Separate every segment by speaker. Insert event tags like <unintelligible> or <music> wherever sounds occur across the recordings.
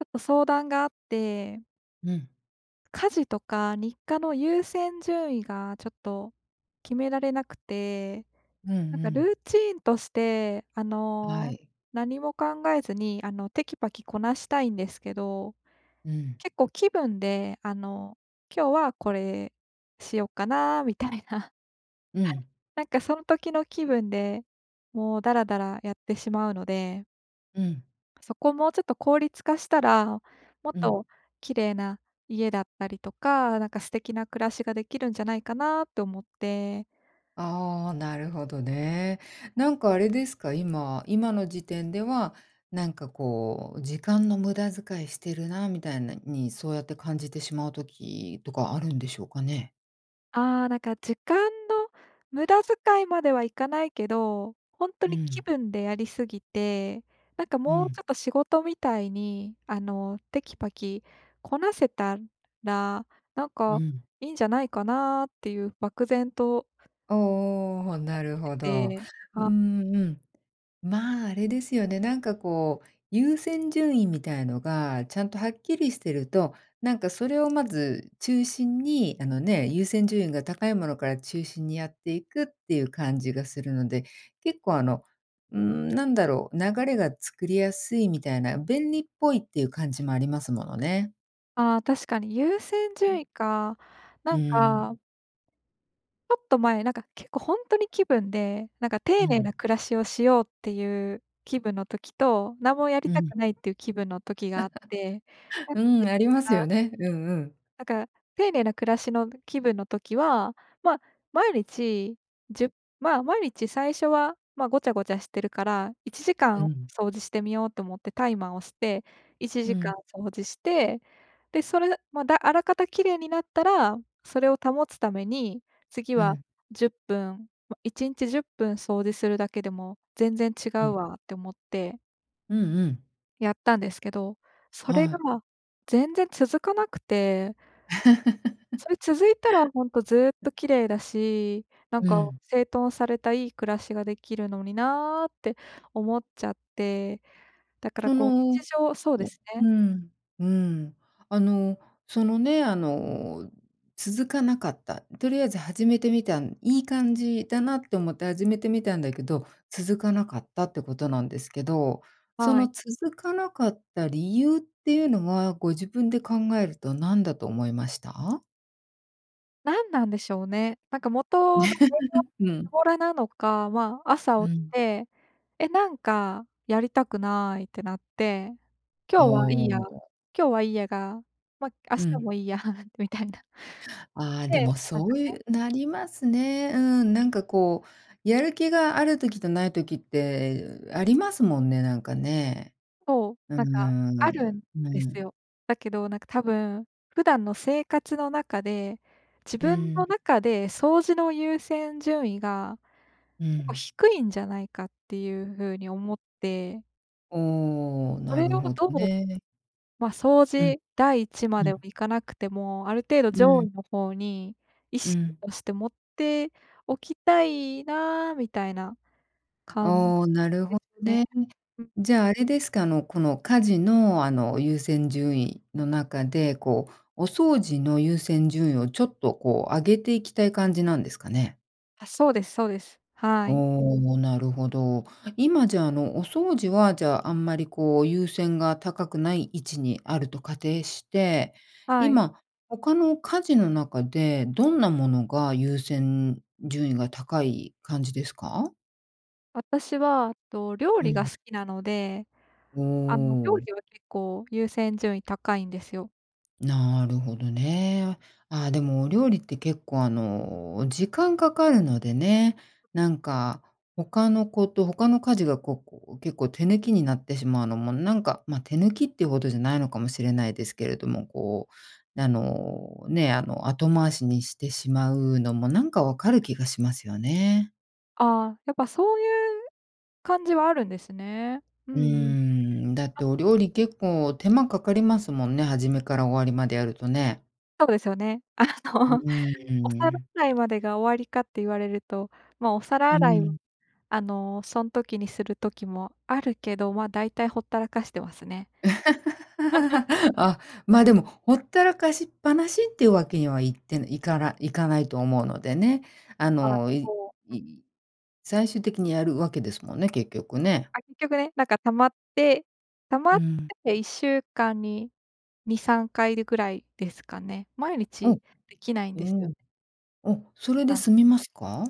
Speaker 1: ちょっと相談があって。
Speaker 2: うん。
Speaker 1: 家事とか、日課の優先順位がちょっと、決められなくて、
Speaker 2: うんう
Speaker 1: なんか
Speaker 2: ん。
Speaker 1: ルーチーンとしてあ
Speaker 2: は
Speaker 1: の、
Speaker 2: い。
Speaker 1: 何も考えずにあのテキパキこなしたいんですけど、
Speaker 2: うん。
Speaker 1: 結構気分で、あの、今日はこれしよっかな？みたいな。
Speaker 2: うん。
Speaker 1: なんかその時の気分で、もうだらだらやってしまうので。
Speaker 2: うん。
Speaker 1: そこもうちょっと効率化したら、もっ
Speaker 2: うん。
Speaker 1: と綺麗な家だったりとか、なんか素敵な暮らしができるんじゃないかなと思って。
Speaker 2: ああ、なるほどね。なんかあれですか？今、今の時点では、なんかこう時間の無駄遣いしてるなみたいなに、そうやって感じてしまう時とかあるんでしょうかね？
Speaker 1: ああ、なんか時間の無駄遣いまではいかないけど、本当
Speaker 2: う
Speaker 1: に気
Speaker 2: ん。
Speaker 1: 分でやりすぎて、なんか
Speaker 2: う
Speaker 1: もうちょ
Speaker 2: ん。
Speaker 1: っと仕事みたいに、あのテキパキこなせたら、なん
Speaker 2: う
Speaker 1: か
Speaker 2: ん。
Speaker 1: いいんじゃないかなっていう漠然と。
Speaker 2: おお、
Speaker 1: 思っ
Speaker 2: なるほ
Speaker 1: て
Speaker 2: ど。
Speaker 1: で、
Speaker 2: う
Speaker 1: あ
Speaker 2: んうんうん、まあ、あれですよね、なんかこう、優先順位みたいのがちゃんとはっきりしてると、なんかそれをまず中心にあのね、優先順位が高いものから中心にやっていくっていう感じがするので、結構あのん、なんだろう、流れが作りやすいみたいな、便利っぽいっていう感じもありますものね。
Speaker 1: あ、確かに優先
Speaker 2: うん。
Speaker 1: 順位か。な
Speaker 2: う
Speaker 1: ん
Speaker 2: ん。
Speaker 1: かちょっと前、なんか結構ほんとに気分で、なんか
Speaker 2: う
Speaker 1: 丁寧な
Speaker 2: ん。
Speaker 1: 暮らしをしようっていう気分の時と、なんもやり
Speaker 2: う
Speaker 1: た
Speaker 2: ん。
Speaker 1: くないっていう気分の時があって、
Speaker 2: <chuckles>
Speaker 1: <unintelligible>
Speaker 2: うん、あります
Speaker 1: あ。
Speaker 2: よね。うんうん。
Speaker 1: なんか、丁寧な暮らしの気分の時は、ま、毎日、じゅま、毎日最初は、ま、ごちゃごちゃしてるからいちじか
Speaker 2: う
Speaker 1: ん
Speaker 2: ん。
Speaker 1: 掃除してみようと思ってタイマー押していち
Speaker 2: う
Speaker 1: じか
Speaker 2: ん。
Speaker 1: ん掃除して、で、それで、だま、あらかた綺麗になったら、それを保つために次
Speaker 2: う
Speaker 1: は
Speaker 2: ん。
Speaker 1: 10分、ま、1日10分掃除するだけでも全然違
Speaker 2: う
Speaker 1: う
Speaker 2: ん。
Speaker 1: わって思って
Speaker 2: うんうん。
Speaker 1: やったんですけど、それ
Speaker 2: は
Speaker 1: が、
Speaker 2: い。
Speaker 1: ま、全然続かなくて。そ
Speaker 2: <laughs>
Speaker 1: れ続いたらほんとずっ
Speaker 2: <unintelligible>
Speaker 1: と綺麗だし、なん
Speaker 2: う
Speaker 1: か
Speaker 2: ん。
Speaker 1: 整頓されたいい暮らしができるのになって思っちゃって、だから
Speaker 2: そ
Speaker 1: こう
Speaker 2: のう
Speaker 1: 日常そうですね。
Speaker 2: うん、うん。あの、そのね、あの、続かなかった、とりあえず始めてみたんいい感じだなと思って始めてみたんだけど、続かなかったってことなんですけど、そ
Speaker 1: は
Speaker 2: の
Speaker 1: い。
Speaker 2: 続かなかった理由っていうのは、ご自分で考えると何だと思いました？
Speaker 1: 何なんでしょうね。なんか元の根が
Speaker 2: <laughs> う
Speaker 1: ず
Speaker 2: ん。
Speaker 1: ぼらなのか、ま、
Speaker 2: う
Speaker 1: 朝起き
Speaker 2: ん。
Speaker 1: て、え、なんかやりたくないってなって、
Speaker 2: あ、
Speaker 1: 今日はいい
Speaker 2: な
Speaker 1: や、
Speaker 2: んか
Speaker 1: 今日はいいやが、ま、明
Speaker 2: う
Speaker 1: 日
Speaker 2: ん。
Speaker 1: もいいやみたいな。
Speaker 2: あ、で
Speaker 1: で、
Speaker 2: も
Speaker 1: なん
Speaker 2: そ
Speaker 1: か
Speaker 2: う
Speaker 1: ね。
Speaker 2: いうなりますね。うん、なんかこうやる気がある時とない時ってありますもんね、なんかね。
Speaker 1: そう、
Speaker 2: うー
Speaker 1: なんか
Speaker 2: ん、
Speaker 1: あるん
Speaker 2: う
Speaker 1: です
Speaker 2: ん。
Speaker 1: よ。だけどなんか多分、普段の生活の中で、自
Speaker 2: う
Speaker 1: 分の
Speaker 2: ん。
Speaker 1: 中で掃除の優先順位が、
Speaker 2: う
Speaker 1: 結構
Speaker 2: ん。
Speaker 1: 低いんじゃないかっていう風に思って。
Speaker 2: お、
Speaker 1: そ
Speaker 2: な
Speaker 1: れ
Speaker 2: る
Speaker 1: を
Speaker 2: ほど
Speaker 1: どう、
Speaker 2: ね。
Speaker 1: ま、掃
Speaker 2: うん。
Speaker 1: 除第一ま
Speaker 2: う
Speaker 1: では
Speaker 2: ん。
Speaker 1: 行かなくても、ある程度
Speaker 2: う
Speaker 1: 上
Speaker 2: ん。
Speaker 1: 位の方に意
Speaker 2: う
Speaker 1: 識
Speaker 2: ん。
Speaker 1: として持っておきたいなみたいな
Speaker 2: あ、
Speaker 1: 感じ
Speaker 2: お、なる
Speaker 1: で
Speaker 2: ほ
Speaker 1: す
Speaker 2: ど
Speaker 1: ね。
Speaker 2: ね。
Speaker 1: うん。
Speaker 2: じゃあ、あれですか、あの、この家事の、あの優先順位の中で、こうお掃除の優先順位をちょっとこう上げていきたい感じなんですかね？
Speaker 1: あ、そうですそうです。はい。
Speaker 2: おお、なるほど。今、じゃ、あの、お掃除は、じゃあ、あんまりこう、優先が高くない位置にあると仮定して、
Speaker 1: はい。
Speaker 2: 今他の家事の中でどんなものが優先順位が高い感じですか？
Speaker 1: 私は、と、料
Speaker 2: う
Speaker 1: 理が
Speaker 2: ん。
Speaker 1: 好きなので、
Speaker 2: う
Speaker 1: あの、
Speaker 2: ー
Speaker 1: 料
Speaker 2: ん。
Speaker 1: 理は結構優先順位高いんですよ。
Speaker 2: なるほどね。あ、でもお料理って結構あの、時間かかるのでね、なんか、他のこと、他の家事が、こう、こう、結構手抜きになってしまうのも、なんか、ま、手抜きっていうほどじゃないのかもしれないですけれども、こうあの、ね、あの、後回しにしてしまうのもなんか分かる気がしますよね。
Speaker 1: あ、やっぱそういう感じはあるんですね。う
Speaker 2: うー
Speaker 1: んうん。
Speaker 2: ん、だってお料理結構手間かかりますもんね、初めから終わりまでやるとね。
Speaker 1: そうですよね。あ
Speaker 2: う
Speaker 1: のお
Speaker 2: ー
Speaker 1: 皿
Speaker 2: ん。
Speaker 1: 洗いまでが終わりかって言われると、ま、お皿
Speaker 2: う
Speaker 1: 洗いを、
Speaker 2: ん。
Speaker 1: あの、そん時にする時もあるけど、ま、大体、ほったらかしてますね。<laughs>
Speaker 2: <laughs> あ、ま、でもほったらかしっぱなしっていうわけにはいっていからいかないと思うのでね、あ
Speaker 1: あ、
Speaker 2: の、い
Speaker 1: そう、う
Speaker 2: い
Speaker 1: ん。
Speaker 2: い最終的にやるわけですもんね、結局ね。
Speaker 1: あ、結局ね、なんか溜まって、溜ま
Speaker 2: う
Speaker 1: って
Speaker 2: ん。
Speaker 1: て1週間に2、3回で、ぐらいですかね。毎
Speaker 2: お、
Speaker 1: 日できないん
Speaker 2: う
Speaker 1: ですよ
Speaker 2: ん。
Speaker 1: ね。
Speaker 2: あ、それ
Speaker 1: そう
Speaker 2: で
Speaker 1: なん。
Speaker 2: 済みますか？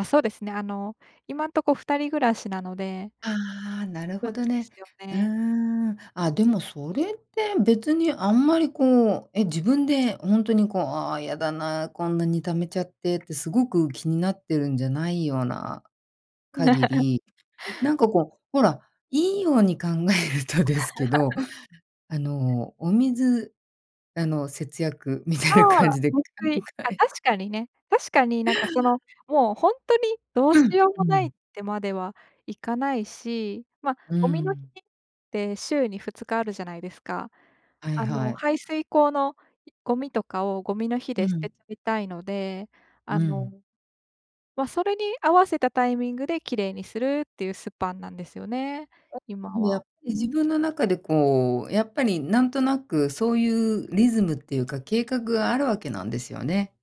Speaker 1: あ、そうですね。あの、今んとこ2人暮らしなので
Speaker 2: ああ、なる
Speaker 1: そ
Speaker 2: ほ
Speaker 1: うで
Speaker 2: どね。
Speaker 1: すよ
Speaker 2: うー
Speaker 1: ね。
Speaker 2: ん、ああ、でもそれって別にあんまり、こう、え、自分でほんとにこう、ああ、やだな、こんなに溜めちゃってってすごく気になってるんじゃないような限
Speaker 1: <laughs>
Speaker 2: り、なんか、こう、ほらいいように考えるとですけど、
Speaker 1: <laughs>
Speaker 2: あの、お水、あの、節約みたい
Speaker 1: あ
Speaker 2: な感
Speaker 1: あ、
Speaker 2: じで考
Speaker 1: 節水。あ、
Speaker 2: え
Speaker 1: 確かにね。確かになんかその、もうほんとにどうし
Speaker 2: うん、
Speaker 1: よう
Speaker 2: う
Speaker 1: もないっ
Speaker 2: ん。
Speaker 1: てまではいかないし、ま、
Speaker 2: うー
Speaker 1: ゴミの日
Speaker 2: ん。
Speaker 1: って週に2日あるじゃないですか。
Speaker 2: はい
Speaker 1: あ
Speaker 2: は
Speaker 1: の、
Speaker 2: い。
Speaker 1: 排水溝のゴミとかをゴミの日
Speaker 2: う
Speaker 1: で捨
Speaker 2: ん。
Speaker 1: てちゃいたいので、あ
Speaker 2: う
Speaker 1: の、
Speaker 2: ん。
Speaker 1: ま、それに合わせたタイミングで綺麗にするっていうスパンなんですよね、
Speaker 2: あ、
Speaker 1: 今
Speaker 2: ん、やっ、
Speaker 1: は。
Speaker 2: 自分の中で、こう、やっぱりなんとなくそういうリズムっていうか計画があるわけなんですよね。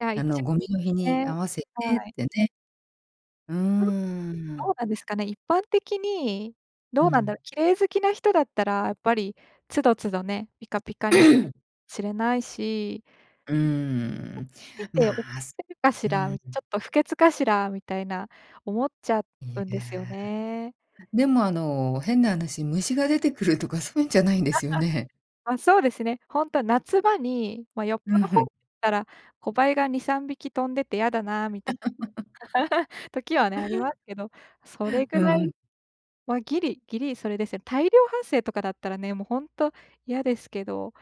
Speaker 1: いや、
Speaker 2: あ
Speaker 1: 一
Speaker 2: の、ゴミの日
Speaker 1: 応
Speaker 2: に
Speaker 1: ね、
Speaker 2: 合わせ
Speaker 1: は
Speaker 2: てっ
Speaker 1: い。
Speaker 2: てね。うー
Speaker 1: ああ、ど
Speaker 2: ん。
Speaker 1: うなんですかね、一般的に
Speaker 2: う
Speaker 1: どうなんだ
Speaker 2: ん。
Speaker 1: ろう。綺麗好きな人だったらやっぱり都度都度ねピカピカにして、
Speaker 2: <clears throat>
Speaker 1: しれないし。
Speaker 2: うー
Speaker 1: <unintelligible>
Speaker 2: ん、
Speaker 1: みておく
Speaker 2: まあ、
Speaker 1: っ
Speaker 2: す
Speaker 1: てるかし
Speaker 2: う
Speaker 1: ら、ち
Speaker 2: ーん。
Speaker 1: ょっと不潔かしらみたいな、思っちゃ
Speaker 2: い
Speaker 1: うんで
Speaker 2: や、
Speaker 1: すよね。
Speaker 2: でも、あの、変な話虫が出てくるとかそうゆんじゃないんで
Speaker 1: <laughs>
Speaker 2: すよね？
Speaker 1: ま、そうですね。ほんと夏場に、ま、よっ
Speaker 2: う
Speaker 1: ぽ
Speaker 2: ん、
Speaker 1: ど
Speaker 2: ふ
Speaker 1: 放っ
Speaker 2: ん。
Speaker 1: たら、小バエが2、3匹飛んでてやだなみた
Speaker 2: <laughs>
Speaker 1: <laughs> 時はねありますけど、それぐ
Speaker 2: う
Speaker 1: らい
Speaker 2: ん。
Speaker 1: は、ギリ、ギリそれですね。大量発生とかだったらね、も、ほんと嫌ですけど、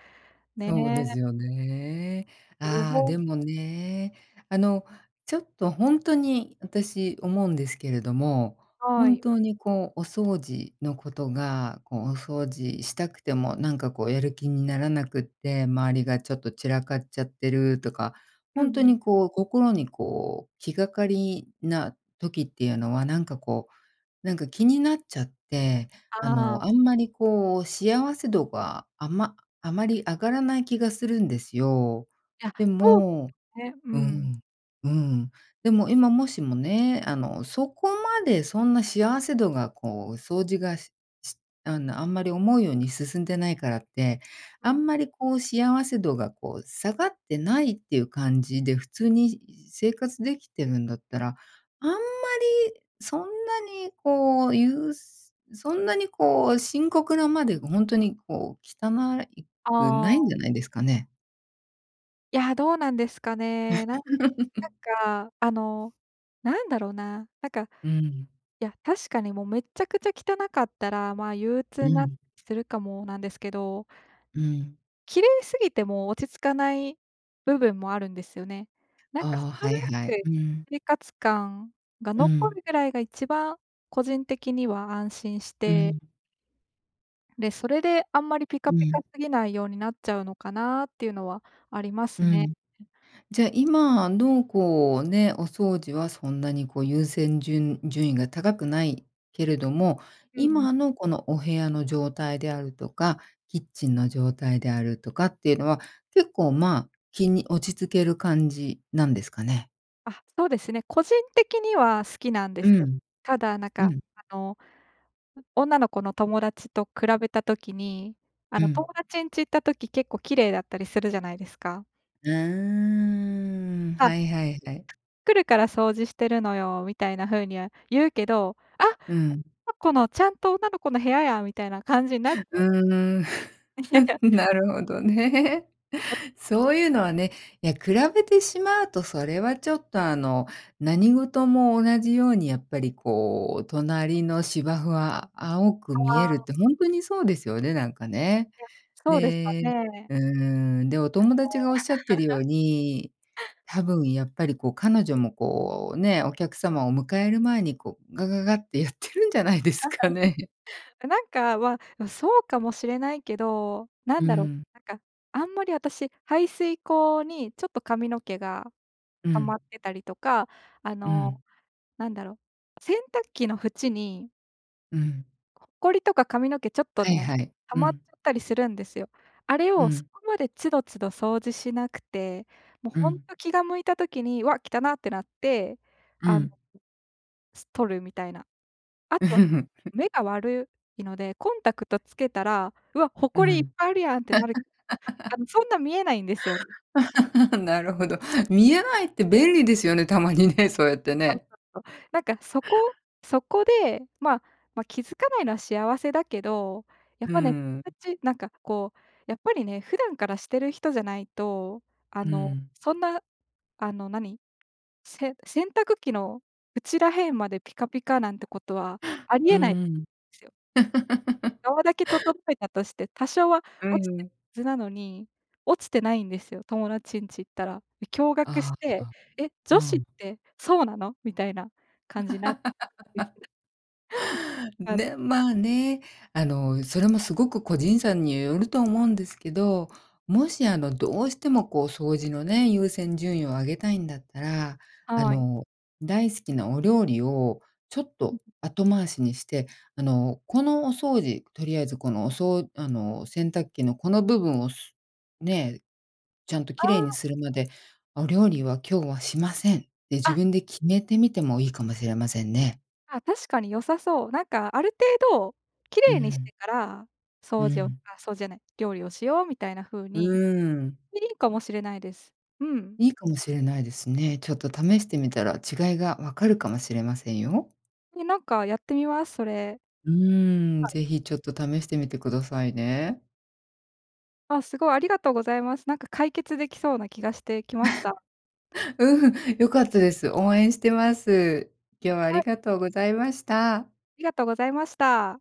Speaker 2: そうで
Speaker 1: ね。
Speaker 2: すよね。
Speaker 1: あ、予
Speaker 2: ああ、
Speaker 1: 防
Speaker 2: でもね、あの、ちょっとほんとに私思うんですけれども、
Speaker 1: は
Speaker 2: 本
Speaker 1: い。
Speaker 2: 当に、こう、お掃除のことが、こう、お掃除したくてもなんかこうやる気にならなくって、周りがちょっと散らかっちゃってるとか、
Speaker 1: うん
Speaker 2: ほんと
Speaker 1: うん。
Speaker 2: に、こう、心に、こう、気がかりな時っていうのはなんか、こう、なんか気になっちゃって、あ
Speaker 1: ああ。
Speaker 2: の、あんまりこう幸せ度があまあまり上がらない気がするんですよ。
Speaker 1: いや
Speaker 2: で
Speaker 1: うん、
Speaker 2: も、
Speaker 1: ね、う
Speaker 2: う
Speaker 1: ん。
Speaker 2: ん、うん、でも今もしもね、あの、そこまでそんな幸せ度が、こう、掃除がししあの、あんまり思うように進んでないからって、
Speaker 1: う
Speaker 2: あ
Speaker 1: ん。
Speaker 2: んまりこう幸せ度がこう下がってないっていう感じで、普通に生活できてるんだったら、あんまりそんなにこうゆうそんなにこう深刻なまでほんとにこう汚いく
Speaker 1: あ
Speaker 2: ないん
Speaker 1: あ。
Speaker 2: じゃないですかね？
Speaker 1: いや、どうなんですかね。なんなん
Speaker 2: <laughs>
Speaker 1: か、あの、なんだろうな、なんか
Speaker 2: うん。
Speaker 1: いや、確かに、もう、めっちゃくちゃ汚かったら、まあ、憂
Speaker 2: う
Speaker 1: 鬱にな
Speaker 2: ん。
Speaker 1: するかもなんですけど。
Speaker 2: うん。
Speaker 1: 綺麗すぎても落ち着かない部分もあるんですよね。なんか
Speaker 2: ああ、は
Speaker 1: 程
Speaker 2: い
Speaker 1: よ
Speaker 2: はい。
Speaker 1: く
Speaker 2: うん。
Speaker 1: 生活感が
Speaker 2: う
Speaker 1: 残
Speaker 2: ん。
Speaker 1: るぐらいが1番個人的には安心し
Speaker 2: う
Speaker 1: て
Speaker 2: ん。
Speaker 1: で、それで、あんまりピ
Speaker 2: う
Speaker 1: カピカ
Speaker 2: ん。
Speaker 1: すぎないようになっちゃうのかなっていうのはありま
Speaker 2: う
Speaker 1: すね。
Speaker 2: ん。
Speaker 1: ん、ん。
Speaker 2: じゃ、今の、こうね、お掃除はそんなに、こう、優先順順位が高くないけれども、
Speaker 1: うんうん。
Speaker 2: 今の、この、お部屋の状態であるとか、キッチンの状態であるとかっていうのは、結構、まあ、気に落ち着ける感じなんですかね。
Speaker 1: あ、そうですね。個人的には好きなんで
Speaker 2: う
Speaker 1: すよ。
Speaker 2: ん。
Speaker 1: ただ、なん
Speaker 2: う
Speaker 1: か、
Speaker 2: ん。
Speaker 1: あの、う女の子の友達と比べた時に、あ
Speaker 2: う
Speaker 1: の、友
Speaker 2: ん。
Speaker 1: 達んち行った時、結構綺麗だったりするじゃないですか。
Speaker 2: うーん。
Speaker 1: あ。
Speaker 2: はいはいはい。
Speaker 1: 「来るから掃除してるのよ」みたいな風には言うけど、あ、
Speaker 2: うん。
Speaker 1: の、この、ちゃんと女の子の部屋や、みたいな感じになっ
Speaker 2: う
Speaker 1: た。
Speaker 2: ーん。<laughs>
Speaker 1: <laughs>
Speaker 2: なるほどね。
Speaker 1: あ。
Speaker 2: そういうのはね。や、比べてしまうとそれはちょっと、あの、何事も同じように、やっぱり、こう、隣の芝生は青く見え
Speaker 1: あ
Speaker 2: るっ
Speaker 1: あ。
Speaker 2: てほんとにそうですよね、なんかね。
Speaker 1: いや、そうですか
Speaker 2: で
Speaker 1: ね。
Speaker 2: うーん。で、お友達が
Speaker 1: あの。
Speaker 2: おっしゃってるよう
Speaker 1: <laughs>
Speaker 2: に、多分やっぱり、こう、彼女も、こう、ね。お客様を迎える前に、こう、ガガガってやってるんじゃないですかね。
Speaker 1: <laughs>。あ、なんかはそうかもしれないけど、な
Speaker 2: う
Speaker 1: んだろう。
Speaker 2: ん。
Speaker 1: なんか、あんまり私、排水溝にちょっと髪の毛が
Speaker 2: う
Speaker 1: 溜まっ
Speaker 2: ん。
Speaker 1: てたりとか、あ
Speaker 2: うん。
Speaker 1: の、なんだろう、洗濯機の縁に
Speaker 2: うん。
Speaker 1: ほこりとか髪の毛ちょっと
Speaker 2: はい
Speaker 1: ね、
Speaker 2: はい。
Speaker 1: 溜
Speaker 2: う
Speaker 1: まっち
Speaker 2: ん。
Speaker 1: ゃったりするんですよ。あれ
Speaker 2: う
Speaker 1: をそ
Speaker 2: ん。
Speaker 1: こまで都度都度掃除しなくて、もう
Speaker 2: う
Speaker 1: ほん
Speaker 2: ん。
Speaker 1: と気が向いた時に、わっ、汚なってなって、
Speaker 2: う
Speaker 1: あの。
Speaker 2: ん。
Speaker 1: す取るみたいな。あ
Speaker 2: <laughs>
Speaker 1: と、
Speaker 2: ふ。
Speaker 1: 目が悪いので、コンタクトつけたら、うわ、
Speaker 2: う
Speaker 1: 誇りいっ
Speaker 2: ん。
Speaker 1: ぱいあるやんってなるあの、そんな見えないんですよね。
Speaker 2: <laughs> なるほど。見えないって便利ですよねたまにね、そうやってね。
Speaker 1: なんか、とそこそこで、まま、気づかないのは幸せだけど、やっ
Speaker 2: う
Speaker 1: ぱね <unintelligible>
Speaker 2: ー
Speaker 1: かん
Speaker 2: ん。
Speaker 1: じなんか、こう、やっぱりね、普段からしてる人じゃないと、あ
Speaker 2: う
Speaker 1: の、
Speaker 2: ん。
Speaker 1: そんなあの何、せ洗濯機の内ら辺までピカピカなんてことはあり
Speaker 2: うー
Speaker 1: えない
Speaker 2: ん。
Speaker 1: すよ。
Speaker 2: <laughs>
Speaker 1: 側だけ整えたとして、多少は
Speaker 2: う
Speaker 1: 落ちて
Speaker 2: ー
Speaker 1: る
Speaker 2: ん。
Speaker 1: はずなのに落ちてないんですよ、友達んち行ったら。驚愕し
Speaker 2: あああ
Speaker 1: て、
Speaker 2: あ、
Speaker 1: え、女子
Speaker 2: う
Speaker 1: っ
Speaker 2: ん。
Speaker 1: てそうなの？みたいな感じになって
Speaker 2: <laughs>
Speaker 1: <unintelligible> あの
Speaker 2: ね、まね、あの、それもすごく、個人差によると思うんですけど、もし、あの、どうしてもこう、掃除のね、優先順位を上げたいんだったら、あ
Speaker 1: はい。
Speaker 2: の、大好きなお料理をちょっ
Speaker 1: うん。
Speaker 2: と後回しにして、あの、この、お掃除、とりあえず、このおそうあの洗濯機のこの部分をすね、ちゃんと
Speaker 1: あ
Speaker 2: 綺麗に
Speaker 1: あ。
Speaker 2: するまで、お料理は今日はしません。って
Speaker 1: あ、
Speaker 2: 自
Speaker 1: は
Speaker 2: 分
Speaker 1: い。
Speaker 2: で決めてみてもいいかもしれませんね。
Speaker 1: あ、確かに良さそう、なんか、ある程度綺
Speaker 2: う
Speaker 1: 麗にし
Speaker 2: ん。
Speaker 1: てから
Speaker 2: う
Speaker 1: 掃除を
Speaker 2: ん。
Speaker 1: あ、掃除じゃない、料理をしようみたいな風
Speaker 2: う
Speaker 1: に、
Speaker 2: ーん。
Speaker 1: いいかもしれないです。うん。
Speaker 2: いいかもしれないですね。ちょっと試してみたら違いが分かるかもしれませんよ。
Speaker 1: ね、なんかやってみます、それ。
Speaker 2: うーん、
Speaker 1: はい。
Speaker 2: 是非ちょっと試してみてくださいね。
Speaker 1: あ、すごい、ありがとうございます。なんか解決できそうな気がしてきました。
Speaker 2: <laughs> うん、良かったです。応援してます。今日はあ
Speaker 1: は
Speaker 2: り
Speaker 1: い。
Speaker 2: がとうございました。
Speaker 1: ありがとうございました。